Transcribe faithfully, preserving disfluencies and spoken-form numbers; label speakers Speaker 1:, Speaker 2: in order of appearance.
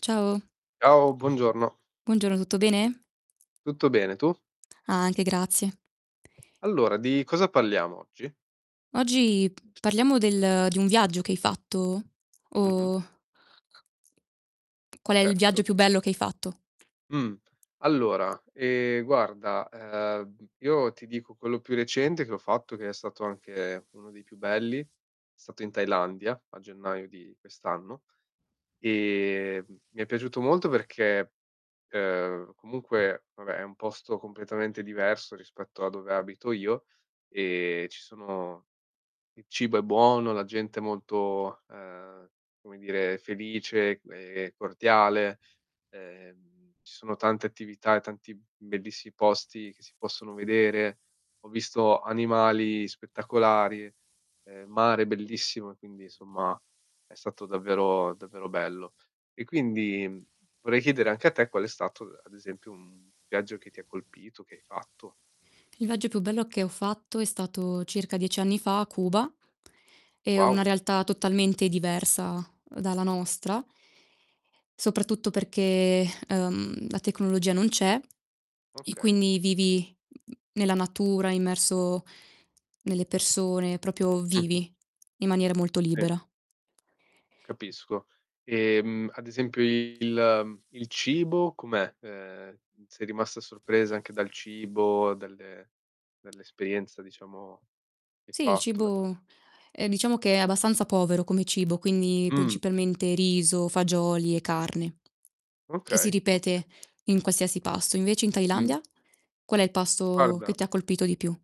Speaker 1: Ciao.
Speaker 2: Ciao buongiorno.
Speaker 1: Buongiorno, tutto bene?
Speaker 2: Tutto bene, tu?
Speaker 1: Anche grazie.
Speaker 2: Allora di cosa parliamo oggi?
Speaker 1: Oggi p parliamo del di un viaggio che hai fatto?
Speaker 2: Mh-mh.
Speaker 1: O Qual è il
Speaker 2: Certo.
Speaker 1: viaggio più bello che hai fatto?
Speaker 2: Mh, allora, ehm, guarda, ehm, io ti dico quello più recente che ho fatto, che è stato anche uno dei più belli, è stato in Thailandia a gennaio di quest'anno e m mi è piaciuto molto perché, ehm, comunque vabbè è un posto completamente diverso rispetto a dove abito io e ci sono il cibo è buono, la gente è molto, ehm, come dire felice, ehm, cordiale. Ehm, ci sono tante attività e tanti b bellissi posti che si possono vedere. Ho visto animali spettacolari, ehm, mare bellissimo e quindi insomma è stato davvero, davvero bello. E quindi vorrei chiedere anche a te qual è stato, ad esempio, un viaggio che ti colpito, che hai fatto.
Speaker 1: Il viaggio più bello che ho fatto è stato circa dieci anni fa a Cuba, è una
Speaker 2: Wow.
Speaker 1: realtà totalmente diversa dalla nostra soprattutto perché, ehm, la tecnologia non c'è e
Speaker 2: Okay.
Speaker 1: quindi vivi n n nella natura, immerso nelle persone, propio
Speaker 2: Mh-mh.
Speaker 1: vivi, in maniera molto
Speaker 2: Sì.
Speaker 1: libera.
Speaker 2: Capisco, ehm, ad esempio il il cibo com'è? Ehm, sei rimasta sorpresa anche dal cibo, dalle dall'esperienza diciamo che hai
Speaker 1: Sì il
Speaker 2: fatto da ques
Speaker 1: cibo, ehm, diciamo che è abbastanza povero come cibo, quindi
Speaker 2: Mh.
Speaker 1: principalmente riso, fagioli e carne. Che si
Speaker 2: Okay, okay.
Speaker 1: ripete in qualsiasi pasto. Invece in
Speaker 2: Mh.
Speaker 1: Thailandia, qual è il pasto che
Speaker 2: Guarda
Speaker 1: ti colpito di più?